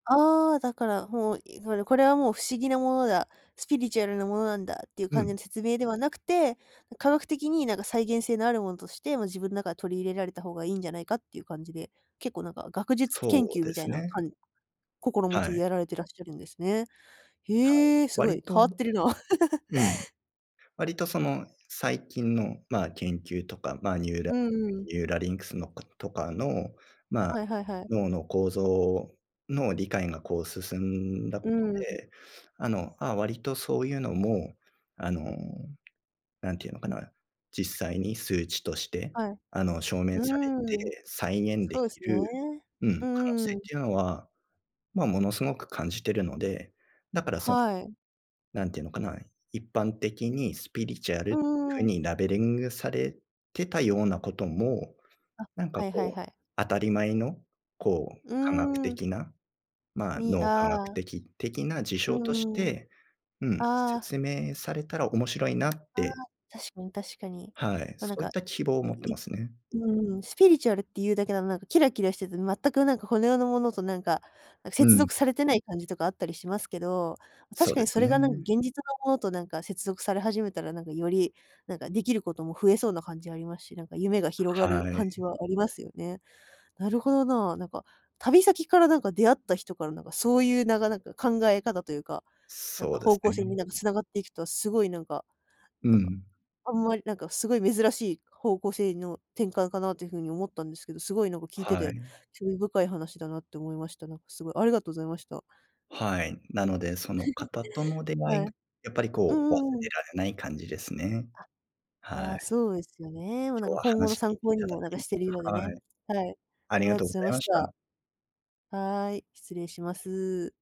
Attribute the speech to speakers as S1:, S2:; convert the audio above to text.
S1: ああ、だから、もう、いほいで、これはもう不思議なものだ、スピリチュアルなものなんだっていう
S2: う
S1: 感じ
S2: ん。
S1: の説明ではなくて、ん、科学的に何か再現性のあるものとして、もう自分中取り入れられた方がいいんじゃないかっていう感じで、結構、なんか、学術研
S2: そう
S1: 究
S2: で
S1: みたい
S2: す
S1: な
S2: ね。
S1: かん心持
S2: は
S1: ちで
S2: い。
S1: やられてらっしゃるんですね。
S2: はい、
S1: へえ、すご
S2: 割
S1: い、変
S2: と
S1: わってるな。
S2: うん。割とその、最近の、まあ、研究とか、まあ、ニューラ
S1: うんうん。
S2: ニューラリンクスのことかの、まあ、
S1: はいはいはい。
S2: 脳の構造の理解がこう進んだこ
S1: う
S2: と
S1: ーん。
S2: で、あの、ああ、割とそういうのも、あの、何て言うのかな。実際に数値として、
S1: はい。
S2: あの、証明
S1: う
S2: され
S1: ーん。
S2: て再現
S1: そ
S2: で
S1: うで
S2: き
S1: す
S2: る
S1: ね。
S2: うん、
S1: う
S2: 可能
S1: んう
S2: 性
S1: ん。
S2: っていうのは、まあ、ものすごく感じているので、だからその、
S1: はい。
S2: 何て言うのかな、一般的にスピリチュアル
S1: う
S2: っ
S1: ん
S2: ていう
S1: うん
S2: 風
S1: うん。
S2: にラベリングがされてたようなことも、
S1: あ、
S2: なんか、
S1: はいはい
S2: こう、
S1: はい。
S2: 当たり前の、こう、
S1: う
S2: 科学
S1: ーん。
S2: 的な、まあ、
S1: に、
S2: 脳科学
S1: ああ。
S2: 的的な事
S1: う
S2: 象とし
S1: んうん。
S2: て、うん、
S1: ああ。
S2: 説明されたら面白いなっ
S1: ああ、
S2: て。
S1: 確かに確かに。
S2: はい。
S1: ま、
S2: そ
S1: なん
S2: うい
S1: か、
S2: った希望を
S1: う
S2: 持って
S1: い
S2: ますね。
S1: うんうん。スピリチュアルっていうだけだと、なんか、キラキラしてて、全く何かこの世のものと、なんか、
S2: う
S1: 接
S2: ん。
S1: 続されてない感じとかあったりしますけど、
S2: そ
S1: 確
S2: う
S1: か
S2: で
S1: に
S2: す
S1: それが、なんか、
S2: ね。
S1: 現実のものと、なんか、接続され始めたら、なんか、より、なんか、できることも増えそうな感じありますし、なんか、夢が広がる
S2: はい。
S1: 感じはありますよね。なるほどな、なんか、旅先から、なんか、出会った人から、なんか、そういうなかなか考え方というか、なん
S2: そ
S1: か、
S2: うで
S1: 方
S2: す
S1: 向性に、
S2: ね。
S1: なんか、繋がっていくと、すごい、なんか
S2: う
S1: なんか、
S2: ん。
S1: あんまり、なんか、すごい珍しい方向性の転換かなという風に思ったんですけど、すごい、なんか、聞いて
S2: は
S1: て、
S2: い。
S1: 興味深い話だなって思いました。なんか、すごい、ありがとうございました。
S2: はい。なので、その方との 出会
S1: は
S2: い
S1: い。
S2: が、やっぱり、
S1: う
S2: こう、忘
S1: んうんうん。
S2: れられない感じですね。
S1: あ、い
S2: は
S1: や、
S2: い。
S1: そうですよね。もう、なん
S2: 今日
S1: か、
S2: は
S1: 今後の
S2: 話聞
S1: 参
S2: いてい
S1: 考に
S2: ただ
S1: も、なんか、
S2: き
S1: してるようでね。
S2: はい。
S1: はい、
S2: あ
S1: あり
S2: り
S1: が
S2: が
S1: とうご
S2: とうご
S1: ざい
S2: ざ
S1: ま
S2: いま
S1: し
S2: し
S1: た。
S2: た。
S1: はい、失礼します。